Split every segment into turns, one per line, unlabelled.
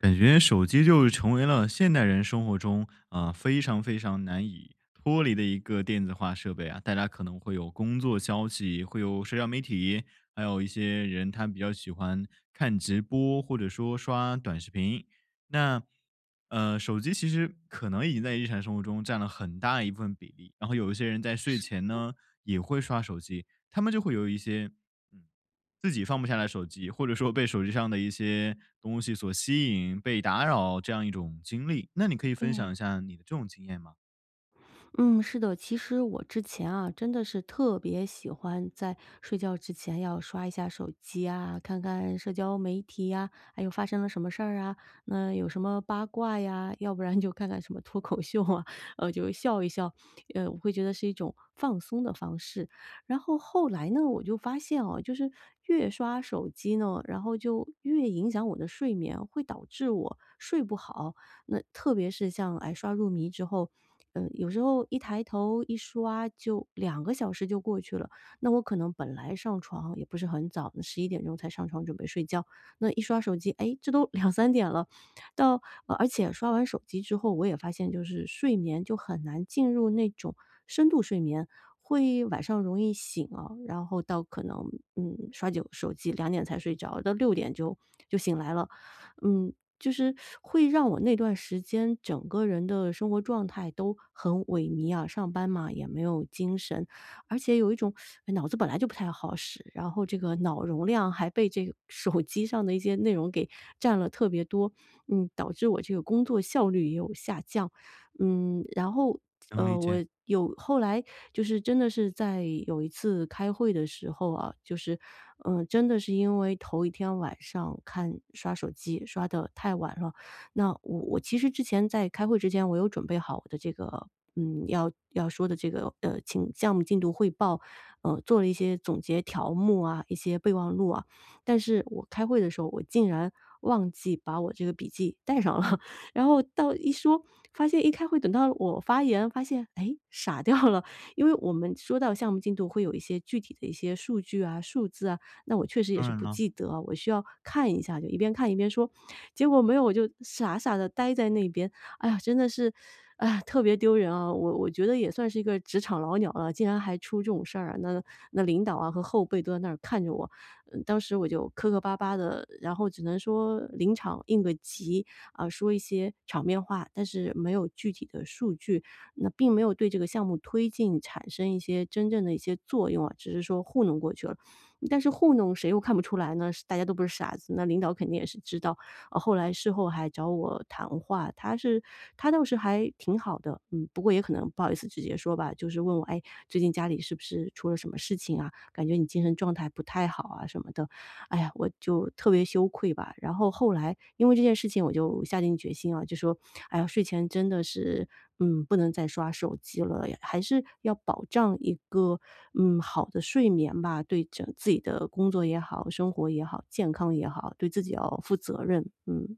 感觉手机就成为了现代人生活中，呃，非常非常难以脱离的一个电子化设备啊。大家可能会有工作消息，会有社交媒体，还有一些人他比较喜欢看直播或者说刷短视频。那，呃，手机其实可能已经在日常生活中占了很大一部分比例，然后有一些人在睡
是。
前呢，也会刷手机，他们就会有一些自己放不下来手机，或者说被手机上的一些东西所吸引、被打扰这样一种经历，那你可以分享
对。
一下你这种经验吗？
嗯，是的，其实我之前啊，真的是特别喜欢在睡觉之前要刷一下手机啊，看看社交媒体呀，还有发生了什么事儿啊，那有什么八卦呀，要不然就看看什么脱口秀啊，呃，就笑一笑，呃，我会觉得是一种放松的方式。然后后来呢，我就发现啊，就是越刷手机呢，然后就越影响我的睡眠，会导致我睡不好。那特别是像，哎，刷入迷之后，嗯，有时候一抬头一刷就2个小时就过去了，那我可能本来上床也不是很早，11点钟才上床准备睡觉，那一刷手机，哎，这都2、3点了，到呃而且刷完手机之后，我也发现就是睡眠就很难进入那种深度睡眠，会晚上容易醒啊，然后到可能，嗯，刷久手机2点才睡着，到6点就就醒来了。嗯，就是 会让我那段时间整个人的生活状态都很萎靡啊，上班嘛，也没有精神，而且有一种 脑子本来就不太好使，然后这个脑容量还被这手机上的一些内容给占了特别多，嗯，导致我这个工作效率也有下降。嗯，然后，
能理
呃我
解。
有后来就是真的是在有一次开会的时候啊，就是，呃，真的是因为头一天晚上看刷手机刷得太晚了，那我我其实之前在开会之前我有准备好我的这个，嗯，要要说的这个，呃，清项目进度汇报，呃，做了一些总结条目啊，一些备忘录啊，但是我开会的时候，我竟然忘记把我这个笔记带上了，然后到一说发现一开会，等到我发言发现，诶，傻掉了，因为我们说到项目进度会有一些具体的一些数据啊，数字啊，那我确实也
当
是
然
不
了。
记得啊，我需要看一下，就一边看一边说。结果没有，我就傻傻地待在那边，哎呀，真的是，哎呀，特别丢人啊。我我觉得也算是一个职场老鸟了，竟然还出这种事儿啊，那那领导啊和后辈都在那儿看着我，呃，当时我就磕磕巴巴的，然后只能说临场应个急，啊，说一些场面话，但是没有具体的数据，那并没有对这个项目推进产生一些真正的一些作用啊，只是说糊弄过去了。但是糊弄谁又看不出来呢？是大家都不是傻子，那领导肯定也是知道，呃后来事后还找我谈话，他是他倒是还挺好的，嗯，不过也可能不好意思直接说吧，就是问我：“哎，最近家里是不是出了什么事情啊，感觉你精神状态不太好啊？”什么的。哎呀，我就特别羞愧吧，然后后来因为这件事情我就下定决心啊，就说：“哎呀，睡前真的是，嗯，不能再刷手机了，还是要保障一个，嗯，好的睡眠吧，对整自己的工作也好，生活也好，健康也好，对自己要负责任。“嗯。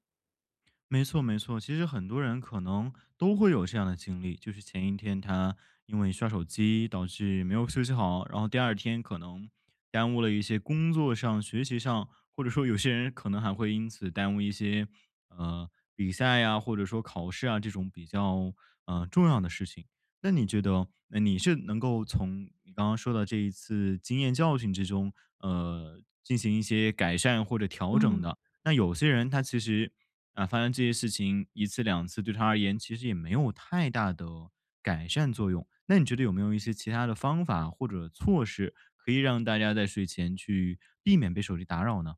没错没错，其实很多人可能都会有这样的经历，就是前一天他因为刷手机导致没有休息好，然后第二天可能耽误了一些工作上、学习上，或者说有些人可能还会因此耽误一些，呃，比赛啊，或者说考试啊，这种比较，呃，重要的事情。那你觉得，哎，你是能够从你刚刚说的这一次经验教训之中，呃，进行一些改善或者调整
嗯。
的，那有些人他其实，啊，发生这些事情，1次2次对他而言其实也没有太大的改善作用，那你觉得有没有一些其它的方法或者措施可以让大家在睡前去避免被手机打扰呢？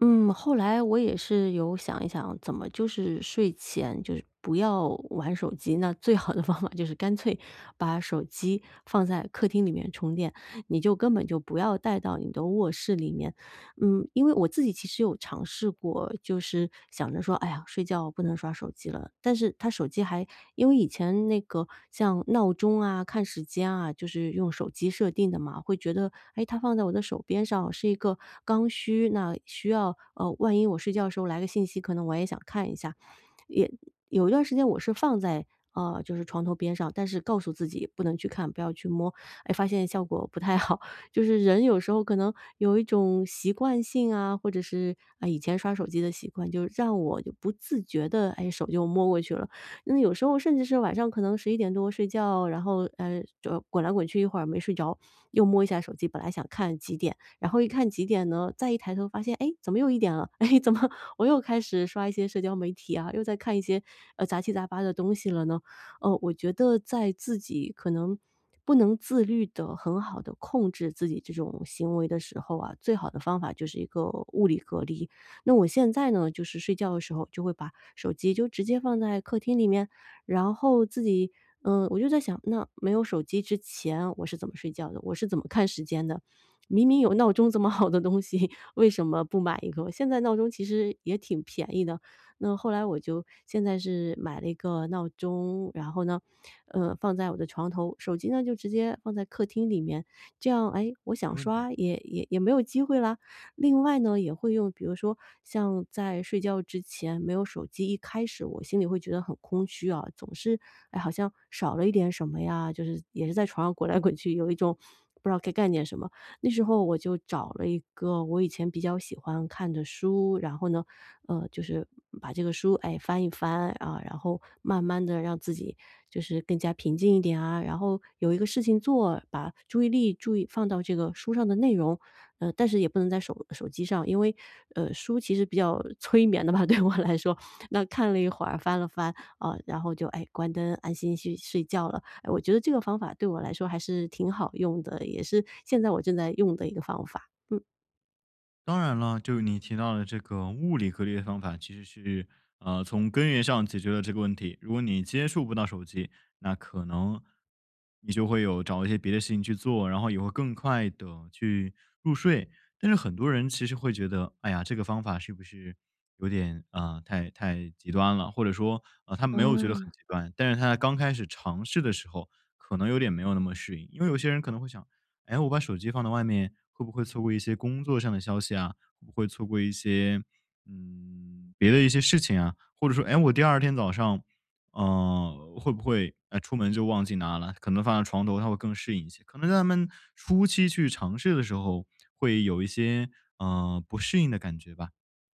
嗯，后来我也是有想一想，怎么就是睡前就是不要玩手机，那最好的方法就是干脆把手机放在客厅里面充电，你就根本就不要带到你的卧室里面。嗯，因为我自己其实有尝试过，就是想着说：“哎呀，睡觉不能刷手机了。”但是它手机还因为以前那个像闹钟啊，看时间啊，就是用手机设定的嘛，会觉得，哎，它放在我的手边上是一个刚需，那需要呃，万一我睡觉的时候来个信息，可能我也想看一下，也有一段时间我是放在，呃，就是床头边上，但是告诉自己不能去看，不要去摸，哎，发现效果不太好，就是人有时候可能有一种习惯性啊，或者是，呃，以前刷手机的习惯，就让我就不自觉地，哎，手就摸过去了。有时候甚至是晚上可能11点多睡觉，然后，呃，就滚来滚去一会儿没睡着，又摸一下手机，本来想看几点，然后一看几点呢，再一抬头发现，哎，怎么又1点了，哎，怎么我又开始刷一些社交媒体啊，又在看一些，呃，杂七杂八的东西了呢？呃，我觉得在自己可能不能自律地很好地控制自己这种行为的时候啊，最好的方法就是一个物理隔离。那我现在呢就是睡觉的时候就会把手机就直接放在客厅里面，然后自己，嗯，我就在想，那没有手机之前我是怎么睡觉的？我是怎么看时间的？明明有闹钟这么好的东西，为什么不买一个？现在闹钟其实也挺便宜的，那后来我就现在是买了一个闹钟，然后呢，呃，放在我的床头，手机呢就直接放在客厅里面，这样，诶，我想
没问题。
刷也也没有机会啦。另外呢也会用比如说像在睡觉之前没有手机，一开始我心里会觉得很空虚啊，总是，哎，好像少了一点什么呀，就是也是在床上滚来滚去，有一种不知道该干点什么，那时候我就找了一个我以前比较喜欢看的书，然后呢，呃，就是把这个书，哎，翻一翻，啊，然后慢慢地让自己就是更加平静一点啊，然后有一个事情做，把注意力注意放到这个书上的内容，呃，但是也不能在手手机上，因为呃，书其实比较催眠的吧，对我来说，那看了一会儿翻了翻，啊，然后就，哎，关灯安心去睡觉了，哎我觉得这个方法对我来说还是挺好用的，也是现在我正在用的一个方法。嗯。
当然了，就是你提到的这个物理隔离的方法，其实是，呃，从根源上解决了这个问题。如果你接触不到手机，那可能你就会有找一些别的事情去做，然后也会更快地去入睡，但是很多人其实会觉得，哎呀，这个方法是不是有点，呃，太太极端了，或者说，呃，他没有觉得很
嗯。
极端，但是他刚开始尝试的时候可能有点没有那么适应。因为有些人可能会想，哎，我把手机放到外面会不会错过一些工作上的消息啊，会不会错过一些，嗯，别的一些事情啊，或者说，诶，我第二天早上，呃，会不会，呃，出门就忘记拿了，可能放在床头他会更适应一些。可能他们初期去尝试的时候，会有一些，呃，不适应的感觉吧。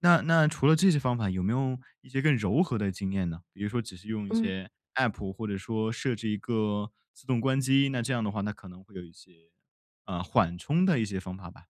那那除了这些方法有没有一些更柔和的经验呢？比如说只是用一
嗯。
些 App 或者说设置一个自动关机，那这样的话那可能会有一些，呃，缓冲的一些方法吧。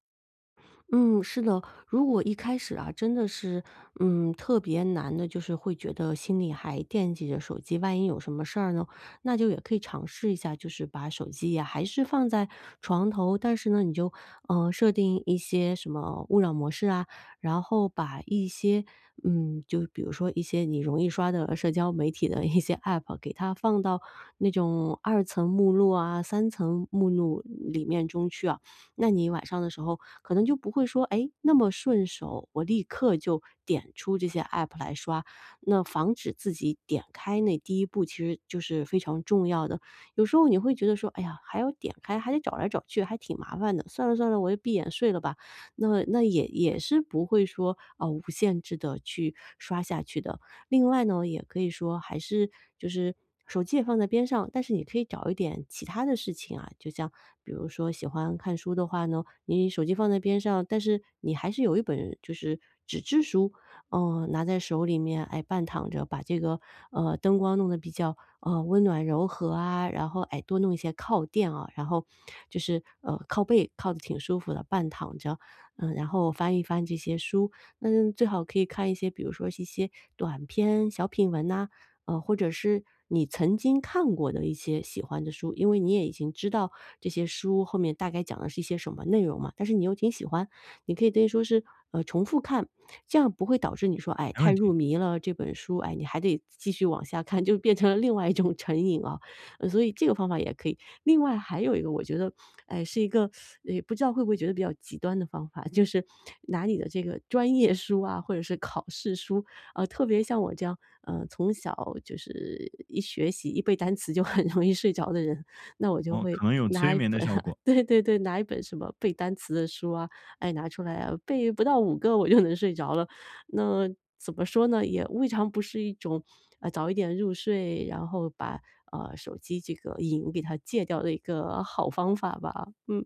嗯，是的，如果一开始啊，真的是，嗯，特别难的，就是会觉得心里还惦记着手机，万一有什么事儿呢，那就也可以尝试一下，就是把手机呀还是放在床头，但是呢，你就，呃，设定一些什么勿扰模式啊，然后把一些，嗯，就比如说一些你容易刷的社交媒体的一些 App 给它放到那种2层目录啊，3层目录，里面中去啊。那你晚上的时候可能就不会说，哎，那么顺手，我立刻就点出这些 App 来刷，那防止自己点开那第1步，其实就是非常重要的。有时候你会觉得说，哎呀，还要点开，还得找来找去，还挺麻烦的，算了算了，我就闭眼睡了吧，那那也也是不会说，啊，无限制地去刷下去的。另外呢，也可以说还是就是，手机也放在边上，但是你可以找一点其他的事情啊，就像比如说喜欢看书的话呢，你手机放在边上，但是你还是有一本就是纸质书，呃，拿在手里面，哎，半躺着，把这个，呃，灯光弄得比较，呃，温暖柔和啊，然后，哎，多弄一些靠垫啊，然后就是，呃，靠背靠得挺舒服的，半躺着，嗯，然后翻一翻这些书，那最好可以看一些，比如说一些短篇小品文啊，呃，或者是你曾经看过的一些喜欢的书，因为你也已经知道这些书后面大概讲的是一些什么内容嘛，但是你又挺喜欢。你可以等于说是，呃，重复看，这样不会导致你说，哎，
没
太
问
入
题。
迷了，这本书，哎，你还得继续往下看，就变成了另外一种成瘾啊。所以这个方法也可以，另外还有一个我觉得，哎，呃，是一个 不知道会不会觉得比较极端的方法，就是拿你的这个专业书啊，或者是考试书，啊，特别像我这样，呃，从小就是一学习，一背单词就很容易睡着的人，那我就
哦，
会
可能有催
拿一
眠的
本
效 果。
对对对，拿一本什么背单词的书啊，哎，拿出来啊，背不到5个我就能睡着了。那怎么说呢，也未尝不是一种，呃，早一点入睡，然后把，呃，手机这个瘾给它戒掉的一个好方法吧，嗯。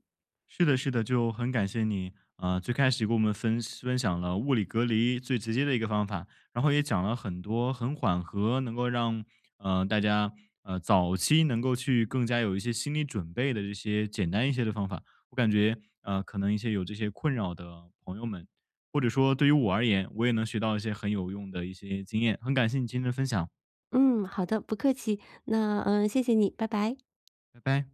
是的是的，就很感谢你，啊，最开始给我们分享分享了物理隔离最直接的一个方法，然后也讲了很多很缓和能够让，呃，大家，呃，早期能够去更加有一些心理准备的这些简单一些的方法。我感觉，呃，可能一些有这些困扰的朋友们，或者说对于我而言，我也能学到一些很有用的一些经验，很感谢你今天的分享。
嗯，好的，不客气，那，呃，谢谢你，拜拜。
拜拜。